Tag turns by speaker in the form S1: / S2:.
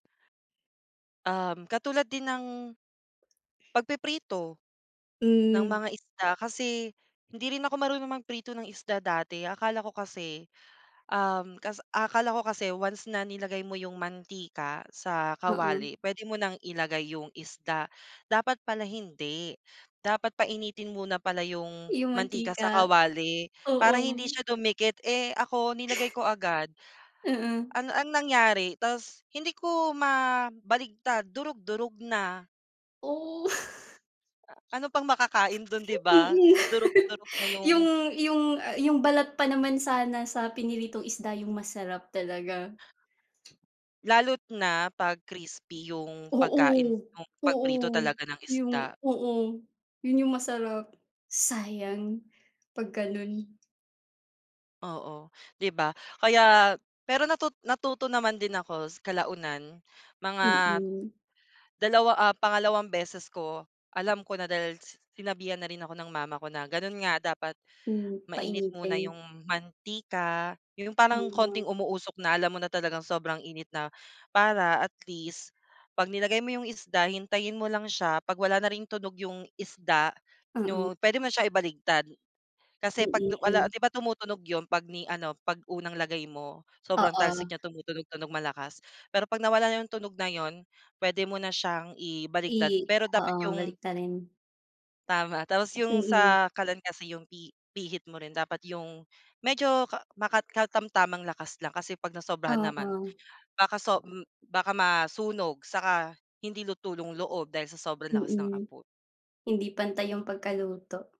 S1: Um, katulad din ng, pagpiprito, ng
S2: Hmm.
S1: mga isda kasi hindi rin ako marunong magprito ng isda dati. Akala ko kasi, um, kas akala ko kasi once na nilagay mo yung mantika sa
S2: Oo.
S1: kawali, pwede mo ng ilagay yung isda. Dapat pala hindi. Dapat painitin muna pala yung
S2: Yung
S1: mantika sa
S2: mantika.
S1: kawali para hindi
S2: Oo.
S1: siya dumikit, eh, ako, nilagay ko agad.
S2: Mm.
S1: Ano ang nangyari ta's hindi ko mabaligtad, durog durog na.
S2: Oh.
S1: Ah, ano pang makakain do'n, di ba?
S2: Mm.
S1: Durog-durog na
S2: Yung
S1: yung
S2: yung yung balat pa naman sana sa prinitong isda yung masarap talaga.
S1: Lalo't na 'pag crispy yung
S2: Oo.
S1: pagkain, yung
S2: Oo.
S1: pagprito talaga ng
S2: Yung
S1: isda.
S2: oo. Yun yung masarap. Sayang, 'pag gano'n.
S1: Oo. Di ba? Kaya pero natut natuto naman din ako kalaunan. Mga
S2: Mm.
S1: 2, ah, pangalawang beses ko, alam ko na dahil sinabihan na rin ako ng mama ko na gano'n nga, dapat
S2: Hmm,
S1: mainit muna
S2: painitin.
S1: yung mantika, yung parang
S2: Ah.
S1: konting umuusok na alam mo na talagang sobrang init na, para at least 'pag nilagay mo yung isda, hintayin mo lang siya, 'pag wala na ring tunog yung isda,
S2: Mm.
S1: 'no? Pwede mo na siyang ibaliktad kasi 'pag
S2: Mm,
S1: wala
S2: hmm.
S1: di ba tumutunog yun 'pag ni ano, 'pag unang lagay mo, sobrang
S2: Oo.
S1: talsik niya, tumutunog-tunog malakas. Pero 'pag nawala na yung tunog na yun, pwede mo na siyang
S2: I
S1: ibaligtad pero dapat
S2: oo,
S1: yung
S2: baliktarin.
S1: Tama. Tapos yung
S2: Mm.
S1: sa kalan kasi yung pi pihit mo rin dapat yung medyo ka makat katamtamang lakas lang kasi 'pag nasobrahan naman,
S2: Oo.
S1: baka so m baka masunog saka hindi luto yung loob dahil sa sobrang lakas ng
S2: Mm.
S1: apo
S2: Hindi pantay yung pagkaluto.